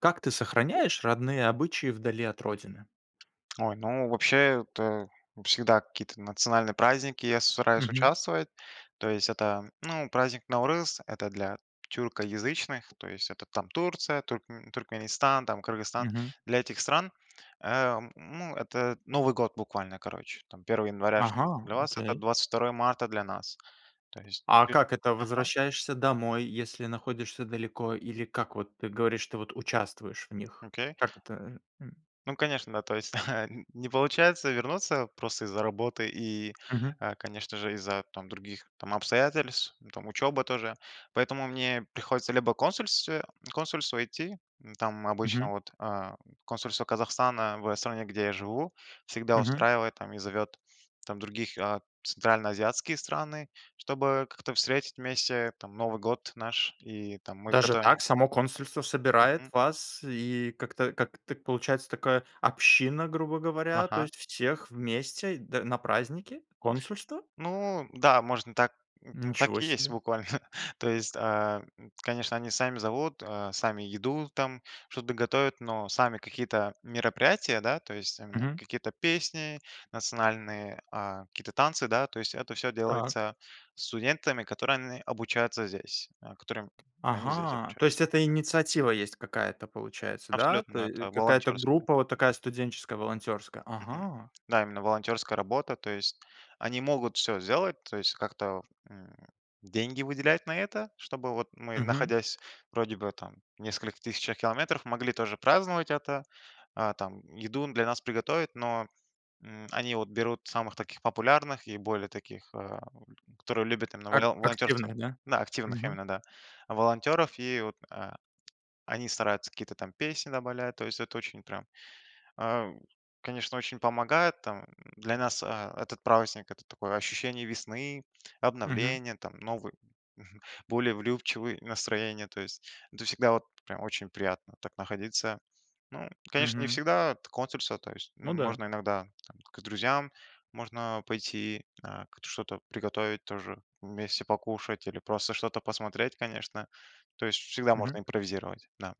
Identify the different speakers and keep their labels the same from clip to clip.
Speaker 1: Как ты сохраняешь родные обычаи вдали от родины?
Speaker 2: Ой, ну вообще это всегда какие-то национальные праздники, я с стараюсь
Speaker 1: Мгм.
Speaker 2: участвовать. То есть это, ну, праздник Наурыз- это для тюркоязычных. То есть это там Турция, туркме Туркменистан, там Кыргызстан.
Speaker 1: Мгм.
Speaker 2: Для этих стран, э, ну, это Новый год буквально. Короче, там 1 января что
Speaker 1: Ага,
Speaker 2: для вас- это
Speaker 1: окей.
Speaker 2: 22 марта для нас. То есть
Speaker 1: А
Speaker 2: несет
Speaker 1: как это-
Speaker 2: ага.
Speaker 1: возвращаешься домой, если находишься далеко, или как вот ты говоришь, ты вот участвуешь в них?
Speaker 2: Окей.
Speaker 1: Как это, э? М.
Speaker 2: Ну, конечно, да, то есть нь не получается вернуться просто из-за работы и,
Speaker 1: Мгм.
Speaker 2: а, конечно же, из-за там других там обстоятельств, ну, там учеба тоже. Поэтому мне приходится либо в консульстве в консульство идти. М, там обычно
Speaker 1: Мгм.
Speaker 2: вот, ам, консульство Казахстана в, э, стране, где я живу, всегда
Speaker 1: Мгм.
Speaker 2: устраивает там и зовет там других, а, центральноазиатские страны, чтобы как-то встретить вместе, там, Новый год наш. И там мы
Speaker 1: Даже
Speaker 2: готовим.
Speaker 1: так, само консульство
Speaker 2: Мгм.
Speaker 1: собирает вас, и как-то как-то получается такая община, грубо говоря. То
Speaker 2: Ага.
Speaker 1: есть всех вместе д на праздники? Консульство?
Speaker 2: Ну да, можно так, м м, так
Speaker 1: Ничего
Speaker 2: и есть
Speaker 1: себе.
Speaker 2: буквально. То есть, ам, конечно, они сами зовут, а, сами еду там, что-то готовят, но сами какие-то мероприятия, да, то есть именно
Speaker 1: Мгм.
Speaker 2: какие-то песни национальные, а, какие-то танцы, да. То есть это всё
Speaker 1: Так.
Speaker 2: делается студентами, которые они обучаются здесь. А, которыми они здесь
Speaker 1: Ага, то
Speaker 2: обучаются.
Speaker 1: есть это
Speaker 2: Мгм.
Speaker 1: инициатива есть какая-то, получается, да?
Speaker 2: Абсолютно,
Speaker 1: То
Speaker 2: да.
Speaker 1: е э,
Speaker 2: Это
Speaker 1: какая-то
Speaker 2: волонтерская.
Speaker 1: группа, вот такая студенческая волонтерская.
Speaker 2: Мгм.
Speaker 1: Ага!
Speaker 2: Да, именно волонтерская работа. То есть они могут всё сделать, то есть как-то, м, деньги выделять на это, чтобы вот мы,
Speaker 1: Мгм.
Speaker 2: находясь, вроде бы там в нескольких тысячах километров, могли тоже праздновать это. А, там еду для нас приготовят, но, м, они вот берут самых таких популярных и более таких, ам, которые любят именно
Speaker 1: Ак
Speaker 2: воло волонтёрство.
Speaker 1: активные, да.
Speaker 2: Да, активных
Speaker 1: Мгм.
Speaker 2: именно, да, волонтеров. И вот, а, они стараются какие-то там песни добавлять, то есть это очень прям, а, конечно, очень помогает. Там для нас, а, этот праздник- это такое ощущение весны,
Speaker 1: Мгм.
Speaker 2: обновления, там новые, более влюбчивые настроения. То есть это всегда вот прям очень приятно так находиться. Ну, конечно, не
Speaker 1: Мгм.
Speaker 2: всегда консульство. То есть, м,
Speaker 1: Ну да.
Speaker 2: можно иногда там к друзьям можно пойти, а, как-то что-то приготовить, тоже вместе покушать или просто что-то посмотреть, конечно. То есть всегда
Speaker 1: Мгм.
Speaker 2: можно импровизировать. Да.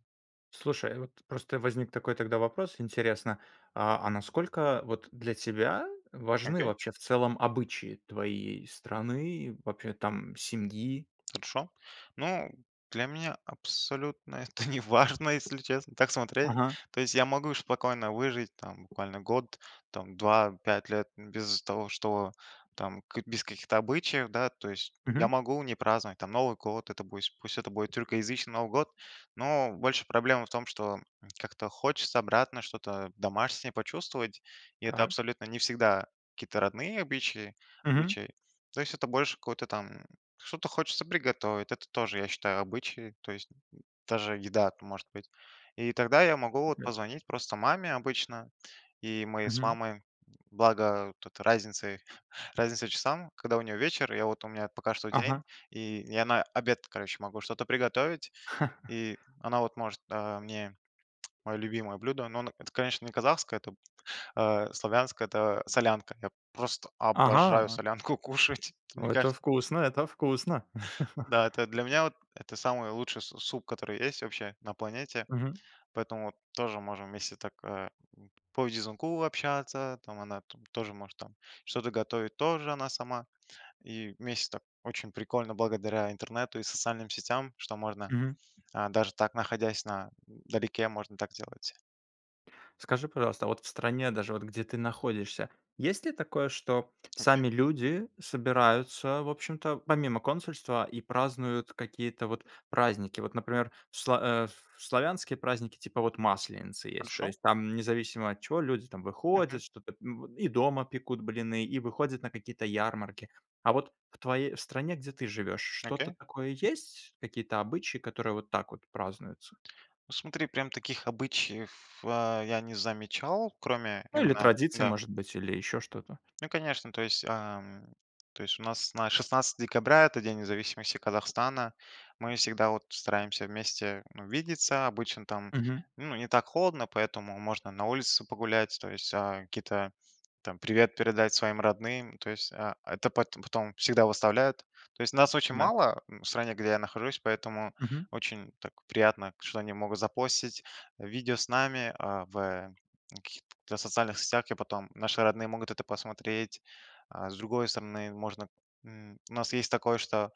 Speaker 1: Слушай, вот просто возник такой тогда вопрос. Интересно, а а насколько вот для тебя важны
Speaker 2: Окей.
Speaker 1: вообще в целом обычаи твоей страны, вообще там семьи?
Speaker 2: Хорошо. Ну, для меня абсолютно это неважно, если честно, так смотреть.
Speaker 1: Ага.
Speaker 2: То есть я могу спокойно выжить там буквально год, там 2, 5 лет н без того что, там ка без каких-то обычаев, да. То есть я
Speaker 1: Мгм.
Speaker 2: могу не праздновать там Новый год, это бу есть, пусть это будет тюркоязычный Новый год. Но больше проблема в том, что как-то хочется обратно, что-то домашнее почувствовать. И это
Speaker 1: Так.
Speaker 2: абсолютно не всегда какие-то родные обычаи
Speaker 1: Мгм.
Speaker 2: обычаи. То есть это больше какое-то там, что-то хочется приготовить, это тоже, я считаю, обычаи, то есть, м, даже еда это может быть. И тогда я могу вот
Speaker 1: Прекрасно.
Speaker 2: позвонить просто маме обычно. И мы с
Speaker 1: Мгм.
Speaker 2: мамой, благо тут разницей разница часам, когда у нее вечер, я вот, у меня пока что
Speaker 1: Ага.
Speaker 2: день. И я на обед, короче, могу что-то приготовить, и она вот может, а, мне мое любимое блюдо, но оно, это, конечно, не казахское, это а славянское. Это солянка. Я просто обожаю
Speaker 1: Ага!
Speaker 2: солянку кушать! Вот мне
Speaker 1: Это
Speaker 2: кажется.
Speaker 1: вкусно, это вкусно.
Speaker 2: Да, это для меня вот, это самый лучший су суп, который есть вообще на планете.
Speaker 1: Мгм.
Speaker 2: Поэтому вот тоже можем вместе так, э, п по видеозвонку общаться, там она тоже может там что-то готовить, тоже она сама. И вместе так, очень прикольно благодаря интернету и социальным сетям, что можно,
Speaker 1: Мгм.
Speaker 2: а, даже так, находясь на далеке, можно так делать.
Speaker 1: Скажи, пожалуйста, а вот в стране, даже вот где ты находишься, есть ли такое, что
Speaker 2: Окей.
Speaker 1: сами люди собираются, в общем-то, помимо консульства и празднуют какие-то вот праздники? Вот, например, в сла а, в в славянские праздники типа вот Масленицы есть. То
Speaker 2: Хорошо.
Speaker 1: есть там независимо от чего люди там
Speaker 2: Мгм.
Speaker 1: выходят, что-то, м, и дома пекут блины, и выходят на какие-то ярмарки. А вот в твоей стране, где ты живешь, что-то
Speaker 2: Окей.
Speaker 1: такое есть? Какие-то обычаи, которые вот так вот празднуются?
Speaker 2: Ну, смотри, прям таких обычаев, а, я не замечал, кроме
Speaker 1: Ну или
Speaker 2: именно
Speaker 1: традиция,
Speaker 2: да.
Speaker 1: может быть. Или еще что-то?
Speaker 2: Ну, конечно, то есть, ам, то есть у нас на 16 декабря- это День независимости Казахстана. Мы всегда, вот, стараемся вместе, ну, видеться, обычно там,
Speaker 1: Мгм.
Speaker 2: ну, не так холодно, поэтому можно на улице погулять, то есть, а, какие-то там привет передать своим родным. То есть, а, это пат потом всегда выставляют. То есть нас очень
Speaker 1: Да.
Speaker 2: мало, м, в стране, где я нахожусь, поэтому
Speaker 1: Мгм.
Speaker 2: очень так приятно, что они могут запостить видео с нами, а, в, э, в каких-то социальных сетях, и потом наши родные могут это посмотреть. А с другой стороны можно, м, у нас есть такое, что,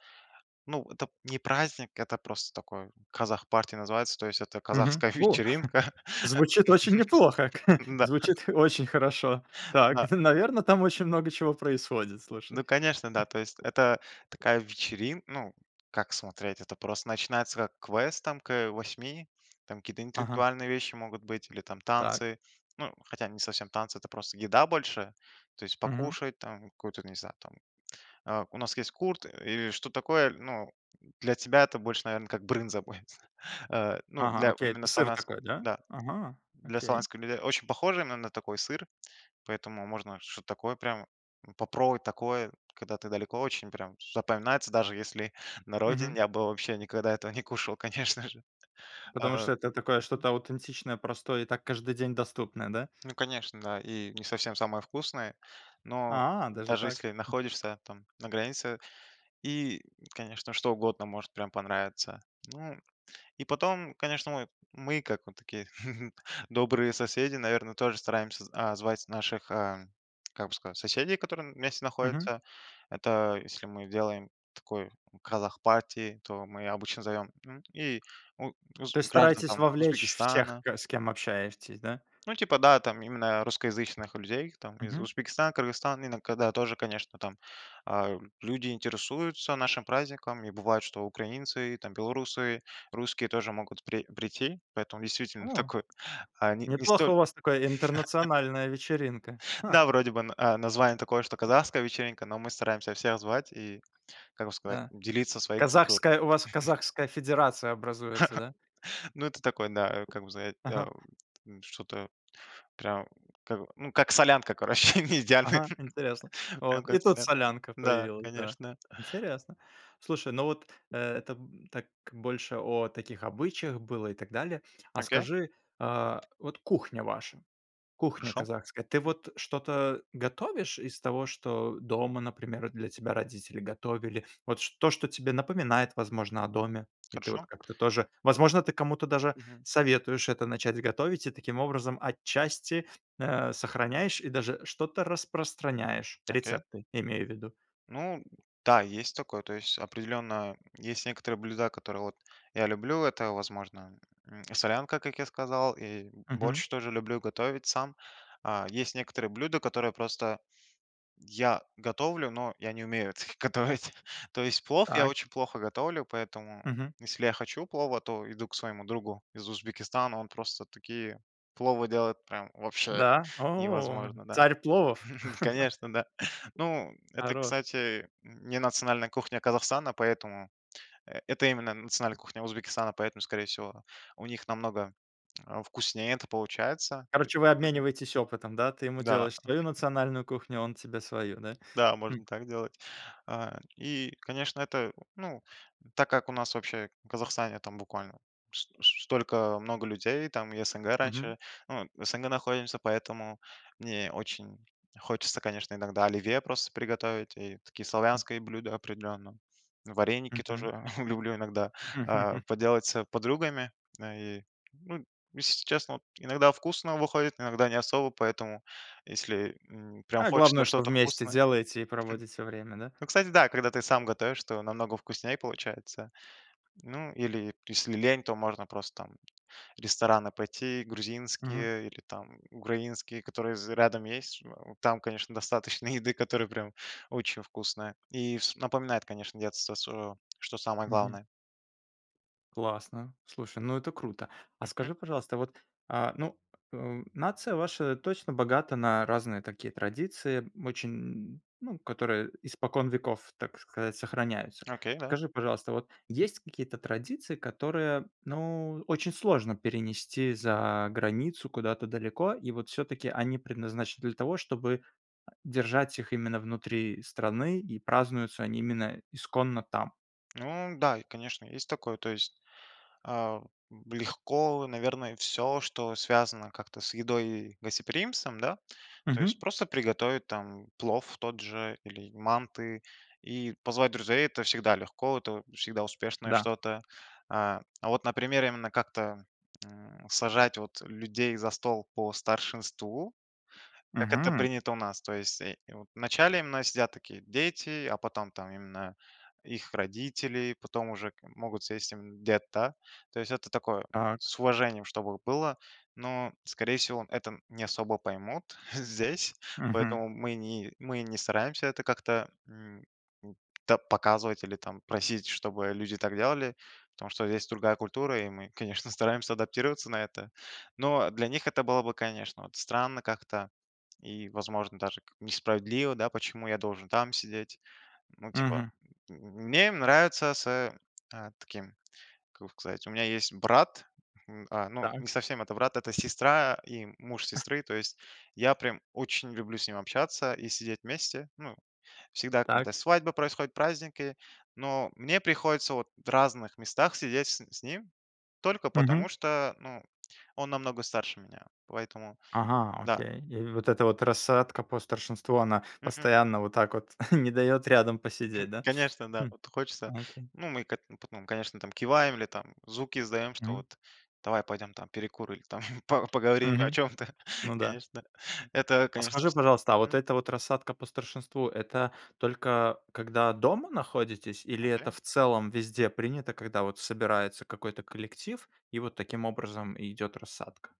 Speaker 2: ну, это не праздник- это просто такой "Казах партия" называется. То есть это
Speaker 1: Мгм.
Speaker 2: казахская
Speaker 1: О,
Speaker 2: вечеринка.
Speaker 1: звучит очень неплохо, к э!
Speaker 2: Н-да. Ха.
Speaker 1: Звучит очень хорошо. Так,
Speaker 2: Да.
Speaker 1: н наверно, там очень много чего происходит. Слушай.
Speaker 2: Ну, конечно, да,
Speaker 1: Эх.
Speaker 2: то есть это такая вечерин ну, как смотреть? Это просто начинается как квест там, к, э, 8. Там какие-то
Speaker 1: Ага.
Speaker 2: интеллектуальные вещи могут быть или там
Speaker 1: Так.
Speaker 2: танцы, ну, хотя не совсем танцы, это просто еда больше. То есть
Speaker 1: Мгм.
Speaker 2: покушать, там какое-то, не знаю там, э, у нас есть курт и и что-то такое, ну, для тебя это больше, наверно, как брынза будет. Э, ну,
Speaker 1: Ага.
Speaker 2: для
Speaker 1: Окей.
Speaker 2: именно
Speaker 1: Это сыр
Speaker 2: славянской
Speaker 1: такой. Да?
Speaker 2: да.
Speaker 1: Ага.
Speaker 2: Для
Speaker 1: Окей.
Speaker 2: славянских людей очень похоже, но именно такой сыр, поэтому можно что-то такое прям, м, попробовать такое, когда ты далеко очень, прям з запоминается. Даже если на родине
Speaker 1: Мгм.
Speaker 2: я бы вообще никогда этого не кушал, конечно же.
Speaker 1: Потому
Speaker 2: А.
Speaker 1: что это такое
Speaker 2: Мгм.
Speaker 1: что-то аутентичное, простое и так каждый день доступное, да?
Speaker 2: Ну, конечно, да и не совсем самое вкусное, но
Speaker 1: А, даже
Speaker 2: даже
Speaker 1: так?
Speaker 2: если
Speaker 1: А.
Speaker 2: находишься там на границе, и, конечно, что угодно может прям понравиться. Ну и потом, конечно, мы мы, как вот такие добрые соседи, наверно, тоже стараемся, а, звать наших, ам, как бы сказать, соседей, которые вместе
Speaker 1: Мгм.
Speaker 2: находятся. Это если мы делаем такой казах-парти, то мы обычно зовем, ну и у уз
Speaker 1: То есть
Speaker 2: граждан
Speaker 1: стараетесь
Speaker 2: там
Speaker 1: вовлечь всех,
Speaker 2: Узбекистана.
Speaker 1: ка с кем общаетесь, да?
Speaker 2: Ну, типа да, там именно русскоязычных людей, их там, из
Speaker 1: Мгм.
Speaker 2: Узбекистана, Кыргызстана, именно когда тоже, конечно, там. А, люди интересуются нашим праздником, и бывает, что украинцы, там, белорусы, русские тоже могут при прийти. Поэтому действительно
Speaker 1: О!
Speaker 2: такое, а не не
Speaker 1: Неплохо,
Speaker 2: столь
Speaker 1: у вас такая интернациональная вечеринка. Ха.
Speaker 2: Да, вроде бы на название такое, что "Казахская вечеринка". Но мы стараемся всех звать и, как бы сказать,
Speaker 1: Да,
Speaker 2: делиться своей культурой.
Speaker 1: казахская у вас казахская федерация образуется, да?
Speaker 2: Ну, это такое, да, а как бы за это,
Speaker 1: Ага.
Speaker 2: м что-то прям, как. Ну, как солянка, короче, не идеальная.
Speaker 1: Ага, интересно.
Speaker 2: Прям
Speaker 1: Вот. И
Speaker 2: как
Speaker 1: тут
Speaker 2: солянка.
Speaker 1: солянка
Speaker 2: Да,
Speaker 1: появилась, да.
Speaker 2: конечно.
Speaker 1: Интересно. Слушай, ну вот, э, это так больше о таких обычаях было и так далее. А
Speaker 2: Окей.
Speaker 1: скажи, а вот кухня ваша, кухня
Speaker 2: Хорошо.
Speaker 1: казахская. Ты
Speaker 2: Мгм.
Speaker 1: вот что-то готовишь из того, что дома, например, для тебя родители готовили? Вот ш то, что тебе напоминает, возможно, о доме? И ты вот
Speaker 2: Хорошо.
Speaker 1: как-то тоже, возможно, ты кому-то даже
Speaker 2: Мгм.
Speaker 1: советуешь это начать готовить и таким образом отчасти, а, сохраняешь и даже что-то распространяешь.
Speaker 2: Окей.
Speaker 1: Рецепты, имею в виду.
Speaker 2: Ну, д да, есть такое. То есть определенно есть некоторые блюда, которые вот, я люблю. Это, возможно, м, солянка, как я сказал, и
Speaker 1: Мгм.
Speaker 2: борщ тоже люблю готовить сам. А есть некоторые блюда, которые просто я готовлю, но я не умею это г готовить. То есть плов я
Speaker 1: Так.
Speaker 2: очень плохо готовлю, поэтому
Speaker 1: Мгм.
Speaker 2: если я хочу плова, то иду к своему другу из Узбекистана. Он просто такие пловы делает, прям вообще
Speaker 1: Да. О,
Speaker 2: невозможно, да.
Speaker 1: царь пловов!
Speaker 2: Конечно, да. Ну, это,
Speaker 1: Хорош!
Speaker 2: кстати, м, не национальная кухня Казахстана, поэтому, э это именно национальная кухня Узбекистана. Поэтому, скорее всего, у них намного, э, вкуснее это получается. То есть,
Speaker 1: Короче, вы
Speaker 2: мгм.
Speaker 1: обмениваетесь опытом, да. Ты ему
Speaker 2: Да.
Speaker 1: делаешь свою национальную кухню, а он тебе свою, да.
Speaker 2: Да, можно
Speaker 1: М.
Speaker 2: так делать. А и конечно, это, ну, так как у нас вообще в Казахстане там буквально с столько много людей. Там и СНГ
Speaker 1: Мгм.
Speaker 2: раньше, ну вот в СНГ находимся, поэтому мне очень хочется, конечно, иногда оливье просто приготовить. И такие славянские блюда, определенно, вареники
Speaker 1: Мгм.
Speaker 2: тоже люблю иногда, а, поделать с подругами. Э, и, ну, если честно вот, иногда вкусно выходит, иногда не особо. Поэтому если, м, прям
Speaker 1: А
Speaker 2: хочется
Speaker 1: главное, что
Speaker 2: что-то
Speaker 1: вместе
Speaker 2: вкусное
Speaker 1: делаете и проводите время, да?
Speaker 2: ну, кстати, да, когда ты сам готовишь, то намного вкуснее получается. Ну или если лень, то можно просто там в рестораны пойти
Speaker 1: Мгм.
Speaker 2: грузинские или там украинские, которые з рядом есть. Ж о там, конечно, достаточно еды, которая прям очень вкусная и вс напоминает, конечно, детство своё, что самое
Speaker 1: Мгм.
Speaker 2: главное.
Speaker 1: Классно, слушай, ну, это круто! А
Speaker 2: Мгм.
Speaker 1: скажи, пожалуйста, вот, а, ну, э, нация ваша точно богата на разные такие традиции очень, ну, которые испокон веков, так сказать, сохраняются.
Speaker 2: Окей, да.
Speaker 1: Скажи, пожалуйста, вот есть какие-то традиции, которые, ну, очень сложно перенести за границу, куда-то далеко? И вот всё-таки они предназначены для того, чтобы, э, держать их именно внутри страны, и празднуются они именно исконно там?
Speaker 2: Ну да, и конечно. Есть такое. То есть, а, легко, наверное, всё, что связано как-то с едой и гостеприимством, да. То есть
Speaker 1: Мгм.
Speaker 2: просто приготовить там плов тот же или манты и позвать друзей- это всегда легко, это всегда успешное
Speaker 1: Да.
Speaker 2: что-то. А, а вот, например, именно как-то, м, сажать вот людей за стол по старшинству, как это
Speaker 1: Мгм.
Speaker 2: принято у нас. То есть, э, вот в начале именно сидят такие дети, а потом там именно их родители, потом уже к могут сесть именно дед, да. То есть это такое-
Speaker 1: Так.
Speaker 2: с уважением чтобы было, но, скорее всего, это не особо поймут здесь.
Speaker 1: Мгм.
Speaker 2: Поэтому мы не мы не стараемся это как-то, м, м, та показывать или там просить, чтобы люди так делали. Потому что здесь другая культура, и мы, конечно, стараемся адаптироваться на это. Но для них это было бы, конечно, вот странно как-то и, возможно, даже как несправедливо, да. "Почему я должен там сидеть?" Ну, типа.
Speaker 1: Мгм.
Speaker 2: М, мне нравится с, э а, таким, как бы сказать. У меня есть брат, м, а, ну,
Speaker 1: Так.
Speaker 2: не совсем это брат, это сестра и муж сестры. То есть я прям очень люблю с ним общаться и сидеть вместе. Ну, всегда,
Speaker 1: Так.
Speaker 2: когда свадьбы происходят, праздники, но мне приходится вот в разных местах сидеть с н с ним только
Speaker 1: Мгм.
Speaker 2: потому что, ну, он намного старше меня. Поэтому
Speaker 1: Ага,
Speaker 2: да.
Speaker 1: окей. И вот эта вот рассадка по старшинству, она
Speaker 2: Мгм.
Speaker 1: постоянно вот так вот не дает рядом
Speaker 2: Хм.
Speaker 1: посидеть, да.
Speaker 2: Конечно, да.
Speaker 1: Хм,
Speaker 2: Вот хочется,
Speaker 1: окей.
Speaker 2: ну, мы ко потом, конечно, там киваем или там звуки издаем, что
Speaker 1: Мгм.
Speaker 2: вот, давай пойдем там, перекур или там по поговорим о
Speaker 1: Мгм,
Speaker 2: чем-то.
Speaker 1: ну да.
Speaker 2: Конечно. Это,
Speaker 1: А
Speaker 2: конечно,
Speaker 1: скажи,
Speaker 2: пс
Speaker 1: пожалуйста, а вот
Speaker 2: мгм.
Speaker 1: эта вот рассадка по старшинству- это только когда дома находитесь, или
Speaker 2: Окей.
Speaker 1: это в целом везде принято, когда вот собирается какой-то коллектив и вот таким образом и идет рассадка?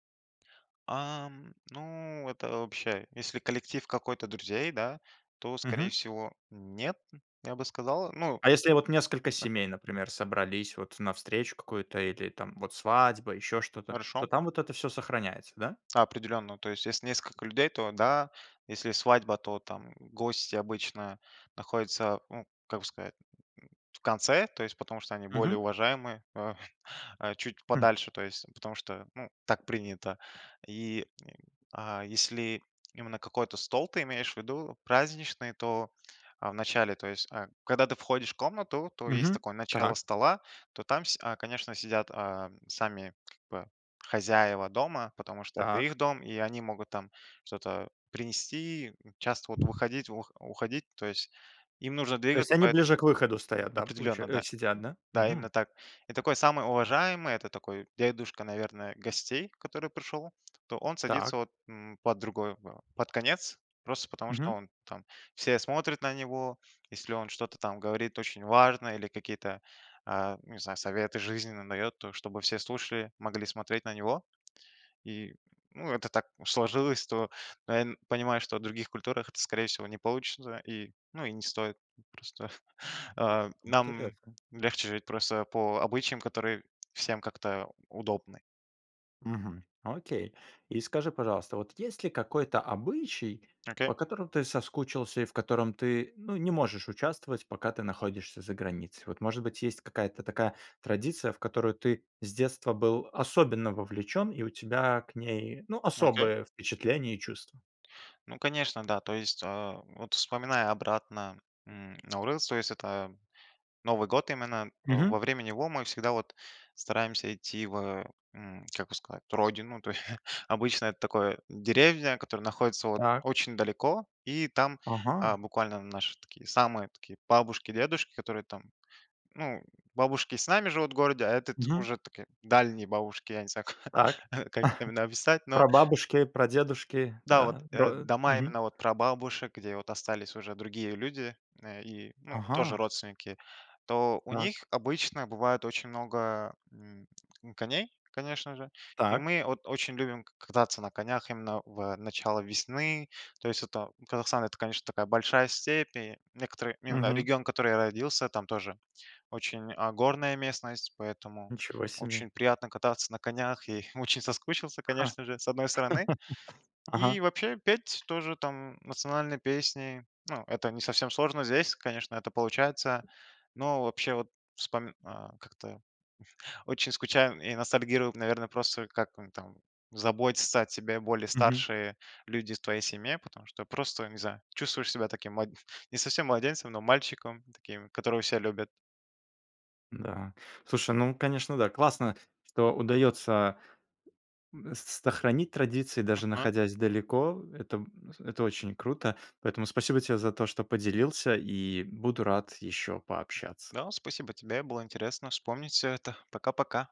Speaker 2: Ам, ну, это вообще, если коллектив какой-то друзей, да, то
Speaker 1: Мгм.
Speaker 2: скорее всего нет, я бы сказал, ну,
Speaker 1: А если я, вот, несколько
Speaker 2: окей.
Speaker 1: семей, например, собрались, вот, на встречу какую-то, или, там, вот, свадьба, ещё что-то, то
Speaker 2: Хорошо.
Speaker 1: там вот это всё сохраняется, да?
Speaker 2: Определенно, то есть если несколько людей, то да, если свадьба, то, там, гости обычно находятся, м, как бы сказать, м, в конце, то есть потому что они
Speaker 1: Мгм.
Speaker 2: более уважаемые, а, а чуть
Speaker 1: М.
Speaker 2: подальше, то есть потому что, ну, так принято. И, и, а если именно какой-то стол ты имеешь в виду, праздничный, то, а, вначале, то есть, а, когда ты входишь в комнату, то есть
Speaker 1: Мгм.
Speaker 2: такое начало
Speaker 1: Так.
Speaker 2: стола, то там сь а, конечно сидят, а, сами, как бы, хозяева дома, потому что это их
Speaker 1: Так.
Speaker 2: дом, и они могут, там, что-то принести, часто, вот, выходить, ух уходить. То есть им нужно
Speaker 1: То есть
Speaker 2: двигаться.
Speaker 1: они
Speaker 2: Поэтому
Speaker 1: ближе к выходу стоят, да, получа
Speaker 2: определенно,
Speaker 1: э
Speaker 2: да.
Speaker 1: сидят, да?
Speaker 2: Да, именно
Speaker 1: Мгм.
Speaker 2: так. И такой, самый уважаемый- это такой дедушка, наверное, гостей, который пришел, то он садится
Speaker 1: Так.
Speaker 2: вот, м, под другой ва под конец, просто потому что
Speaker 1: Мгм.
Speaker 2: он там, все смотрят на него. Если он что-то, там, говорит очень важное, или какие-то, а, ну не знаю, советы жизненные дает, то чтобы все слушали, могли смотреть на него. И, ну это так сложилось, то пэн понимаю, что у других культурах это скорее всего не получится, и, ну и не стоит. Просто, а, нам
Speaker 1: Интересно.
Speaker 2: легче жить просто по обычаям, которые всем как-то удобны.
Speaker 1: Мгм. Окей. И скажи, пожалуйста, вот есть ли какой-то обычай,
Speaker 2: Окей.
Speaker 1: по которому ты соскучился, и в котором ты, ну, не можешь участвовать, пока ты находишься за границей? Вот, может быть, есть какая-то такая традиция, в которую ты с детства был особенно вовлечен, и у тебя к ней, ну,
Speaker 2: Окей.
Speaker 1: особые впечатления и чувства?
Speaker 2: Ну конечно, да, то есть, а, вот вспоминая обратно, м, Наурыз, то есть это, новый год именно, а,
Speaker 1: Мгм.
Speaker 2: во время него мы всегда, вот, стараемся идти в, э, м, как бы сказать, родину, то е обычно это такое, деревня, которая находится, вот,
Speaker 1: Так.
Speaker 2: очень далеко, и там, а,
Speaker 1: Ага.
Speaker 2: буквально наши такие, самые такие бабушки-дедушки, которые там, ну бабушки с нами живут в городе, а этот,
Speaker 1: Мгм.
Speaker 2: уже такие дальние бабушки, я не знаю
Speaker 1: Так.
Speaker 2: ка как именно описать. Но
Speaker 1: Прабабушки, прадедушки,
Speaker 2: да вот,
Speaker 1: да,
Speaker 2: э,
Speaker 1: бро
Speaker 2: дома
Speaker 1: мгм.
Speaker 2: именно, вот, прабабушек, где, вот, остались уже другие люди, э, и, ну, тоже
Speaker 1: Ага.
Speaker 2: родственники, то у
Speaker 1: Так.
Speaker 2: них обычно бывает очень много, м, м, коней, конечно же, и
Speaker 1: Так.
Speaker 2: мы от очень любим к кататься на конях, именно в начале весны. То есть это Казахстан- это конечно такая большая степь и некоторые. [unintelligible]
Speaker 1: Мгм.
Speaker 2: Регион, который я родился, там тоже очень, а, горная местность, поэтому
Speaker 1: Ничего себе!
Speaker 2: очень приятно кататься на конях и очень соскучился конечно же, с одной стороны.
Speaker 1: Ага.
Speaker 2: И вообще, петь- тоже, там, национальные песни, ну, это не совсем сложно здесь, конечно, это получается. Но вообще вот вспоми а как-то, очень скучаю и ностальгируем, наверно, просто как он там заботится о тебе, более
Speaker 1: Мгм.
Speaker 2: старшие люди в твоей семье, потому что просто не знаю, чувствуешь себя таким млад не совсем младенцем, но мальчиком, таким, которого все любят.
Speaker 1: Да, слушай, ну конечно, да, классно, что удается, м, с сохранить традиции, даже
Speaker 2: Ага.
Speaker 1: находясь далеко, это это очень круто, поэтому спасибо тебе за то, что поделился, и буду рад ещё пообщаться.
Speaker 2: Да, спасибо тебе, было интересно вспомнить всё это. Пока-пока!